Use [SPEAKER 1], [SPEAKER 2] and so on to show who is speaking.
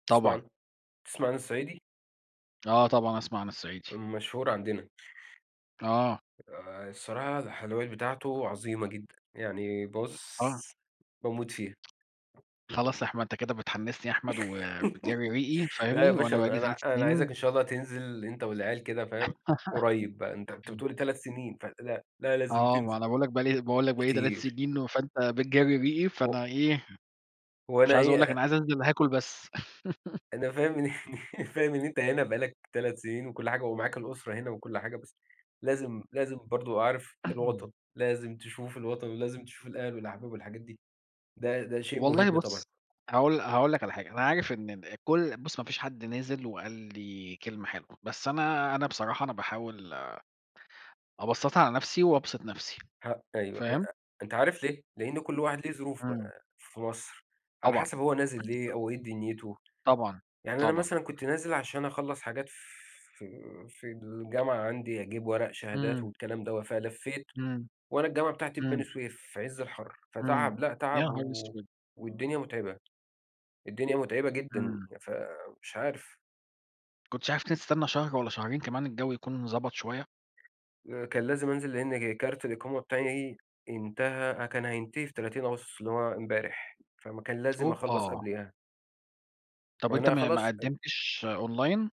[SPEAKER 1] بتسمع
[SPEAKER 2] طبعًا.
[SPEAKER 1] عن بتسمع عن الصعيدي؟
[SPEAKER 2] آه طبعًا أسمع عن الصعيدي.
[SPEAKER 1] مشهور عندنا.
[SPEAKER 2] آه.
[SPEAKER 1] آآ الصراحة الحلويات بتاعته عظيمة جدًا، يعني
[SPEAKER 2] [unintelligible] آه.
[SPEAKER 1] بُصّ باموت فيها.
[SPEAKER 2] خلاص يا أحمد، أنت كده بتحمّسني يا أحمد وبتجرّي ريقي،
[SPEAKER 1] لا يا
[SPEAKER 2] فاهمني، وأنا
[SPEAKER 1] باشا
[SPEAKER 2] بقى لي
[SPEAKER 1] أنا ع
[SPEAKER 2] 3
[SPEAKER 1] أنا عايزَك
[SPEAKER 2] سنين
[SPEAKER 1] إن شاء الله تنزل أنت والعيال كده فاهم، قريّب بقى، أنت أنت بتقول 3 سنين فلأ، لأ لازم
[SPEAKER 2] آه، ما
[SPEAKER 1] تنزل.
[SPEAKER 2] أنا باقول لّك بقى لي باقول لّك بقى لي 3
[SPEAKER 1] كتير.
[SPEAKER 2] سنين فأنت بتجرّي ريقي،
[SPEAKER 1] هُ
[SPEAKER 2] فأنا إيه، مش
[SPEAKER 1] وأنا
[SPEAKER 2] عايز أقول لّك
[SPEAKER 1] إيه أ
[SPEAKER 2] أنا عايز أنزل هاكل بس.
[SPEAKER 1] أنا فاهم إن فاهم إن أنت هنا بقى لَك 3 سنين وكلّ حاجة ومعاك الأسرة هنا وكلّ حاجة، بس لازم لازم برضه عارف الوطن، لازم تشوف الوطن ولازم تشوف الأهل والأحباب والحاجات دي، ده ده شيء مُهم
[SPEAKER 2] والله
[SPEAKER 1] طبعًا.
[SPEAKER 2] بُصّ، هاقول لَ هاقول لّك على حاجة، أنا عارف إن ن كلّ بُصّ ما فيش حد نازل وقال لي كلمة حلوة، بس أنا أنا بصراحة أنا باحاول أبسَّطها على نفْسي وأبسِط نفْسي،
[SPEAKER 1] ه أيوه، إ
[SPEAKER 2] فاهم؟
[SPEAKER 1] أ أنت عارف ليه؟ لإن كلّ واحد ليه ظروف
[SPEAKER 2] إمم.
[SPEAKER 1] آآ في مصر، على
[SPEAKER 2] طبعًا،
[SPEAKER 1] حسب هو نازل
[SPEAKER 2] أكيد
[SPEAKER 1] ليه
[SPEAKER 2] طبعًا.
[SPEAKER 1] أو إيه دنيته،
[SPEAKER 2] طبعًا،
[SPEAKER 1] يعني أنا
[SPEAKER 2] طبعًا.
[SPEAKER 1] مثلًا كنت نازل عشان أخلَّص حاجات ف في في الجامعة عندي أجيب ورق شهادات
[SPEAKER 2] إمم.
[SPEAKER 1] والكلام دوّة، فلَفّيت
[SPEAKER 2] إمم،
[SPEAKER 1] وأنا الجامعة بتاعتي في بني
[SPEAKER 2] إمم.
[SPEAKER 1] سويف في عز الحر،
[SPEAKER 2] إمم،
[SPEAKER 1] فتعب لأ
[SPEAKER 2] يا
[SPEAKER 1] تعب
[SPEAKER 2] نهار
[SPEAKER 1] و
[SPEAKER 2] أسود!
[SPEAKER 1] والدنيا مُتعبة، الدنيا متعبة جدًا،
[SPEAKER 2] إمم.
[SPEAKER 1] فمش عارف.
[SPEAKER 2] ما كنتش عارف تستنى شهر والّا شهرين كمان الجو يكون ضبَط شوية؟
[SPEAKER 1] آآ كان لازم أنزل لإن جِ كارت الإقامة بتاعي انتهى أ كان هينتهي في 30 أغسطس اللي هو امبارح، فم كان لازم أخلّص
[SPEAKER 2] أوبّا!
[SPEAKER 1] قبليها.
[SPEAKER 2] طَب أنت
[SPEAKER 1] وأنا
[SPEAKER 2] ما ما
[SPEAKER 1] خلاص أج
[SPEAKER 2] قدّمتش Online؟